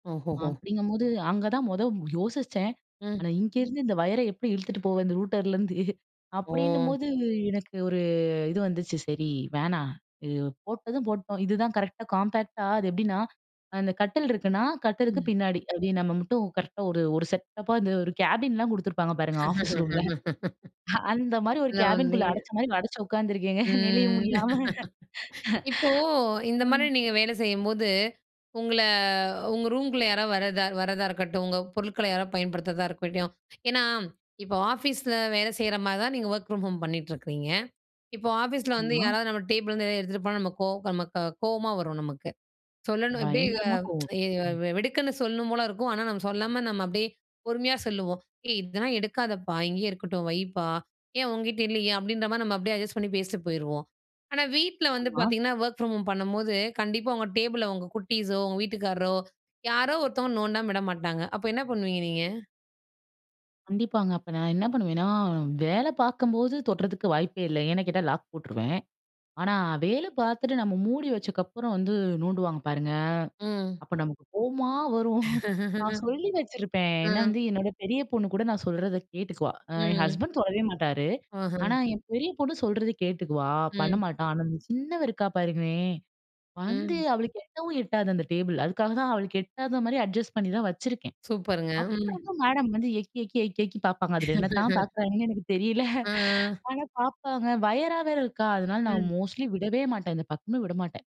ஓஹோஹோ. அப்படிங்கும்போது, அங்க தான் மொதல்ல யோசிச்சேன். ம். ஆனா, இங்கேருந்து இந்த ஒயரை எப்படி இழுத்துட்டு போவேன்? இந்த ரூட்டர்லருந்து ஓ. அப்படின்னும்போது எனக்கு ஒரு இது வந்துச்சு, சரி வேணா இது போட்டதும் போட்டோம், இதுதான் கரெக்ட்டா, காம்பேக்ட்டா அது எப்படின்னா, அந்த கட்டில் இருக்குன்னா, கட்டிலுக்கு ம். பின்னாடி அப்படின்னு நம்ம மட்டும் கரெக்ட்டா ஒரு, ஒரு செட்டப்பா இந்த ஒரு கேபின்லாம் குடுத்துருப்பாங்க பாருங்க, ஆஃபீஸ் ரூம்ல அந்த மாரி ஒரு நான் வந்து கேபின்குள்ள அடச்ச மாரி அடச்சு உட்காந்துருக்கேங்க நெழிய ம். முடியாம. இப்போ இந்த மாரி ம். நீங்க வேலை செய்யும்போது, உங்கள உங்க ரூம்குள்ள யாராவது வரதா வரதா இருக்கட்டும், உங்க பொருட்கள யாராவது பயன்படுத்துறதா இருக்கட்டும். ஏனா, இப்போ ஆஃபீஸ்ல வேலை செய்ற மாரி தான, நீங்க ஒர்க் பிரம் ஹோம் பண்ணிட்டிருக்கீங்க. இப்போ ஆஃபீஸ்ல வந்து ஆமா. யாராவது நம்ம டேபிள்ல இருந்து எதாவது எடுத்துட்டு போனா நமக்கு நமக்கு கோவமா வரும் நமக்கு. சொல்லணும், அப்படியே பயங்கரமா கோவம். ம். வெடுக்குன்னு சொல்லணும் போல இருக்கும். ஆனா, நம்ம சொல்லாம நம்ம அப்படியே பொறுமையா சொல்லுவோம். "ஏய் இதெல்லாம் எடுக்காதப்பா! இங்கேயே இருக்கட்டும். வைப்பா, ஏன் உங்கிட்ட இல்லையா?" அப்படின்ற மாதிரி நம்ம அப்படியே அட்ஜஸ்ட் பண்ணி பேசிட்டு போயிருவோம். ஆனா, வீட்ல வந்து ஆமா. பார்த்தீங்கன்னா, ஒர்க் ஃப்ராம் ஹோம் பண்ணும்போது, கண்டிப்பா உங்க டேபிள்ல உங்க குட்டீஸோ, உங்க வீட்டுக்காரரோ யாரோ ஒருத்தவங்க நோண்டாம விட மாட்டாங்க. அப்ப என்ன பண்ணுவீங்க நீங்க? கண்டிப்பாங்க. அப்ப நான் என்ன பண்ணுவேன்னா, வேலை பார்க்கும்போது தொட்றதுக்கு வாய்ப்பே இல்ல, ஏன்னு கேட்டா, லாக் போட்ருவேன். ஆனா, வேலை பார்த்துட்டு நம்ம மூடி வச்சக்கப்புறம் வந்து நோண்டுவாங்க பாருங்க, ம். அப்ப நமக்கு கோவமா வரும். நான் சொல்லி வச்சுருப்பேன். ஏன்னா, ம். வந்து என்னோட பெரிய பொண்ணு கூட நான் சொல்றத கேட்டுக்குவா, என் ம். ஹஸ்பண்ட் தொடவே மாட்டார். ஆஹ. ஆனா, என் பெரிய பொண்ணு சொல்றத கேட்டுக்குவா, பண்ண ம். மாட்டா. ஆனா, இந்த சின்னவ இருக்கா பாருங்களேன், வந்து ம். அவளுக்கு எட்டவும் எட்டாது அந்த டேபிள், அதுக்காக தான் அவளுக்கு எட்டாத மாரி அட்ஜஸ்ட் பண்ணி தான் வச்சிருக்கேன். சூப்பருங்க. ம். அப்புறமும் மேடம் வந்து எக்கி, எக்கி, எக்கி, எக்கி பார்ப்பாங்க. அதில என்ன தான் பார்க்கிறாங்கன்னு எனக்கு தெரியல. ஆ. ஆனா, பார்ப்பாங்க வயர்ரா வேற இருக்கா. அதனால நான் ம். மோஸ்ட்லி விடவே மாட்டேன். இந்த பக்கமே விட மாட்டேன்.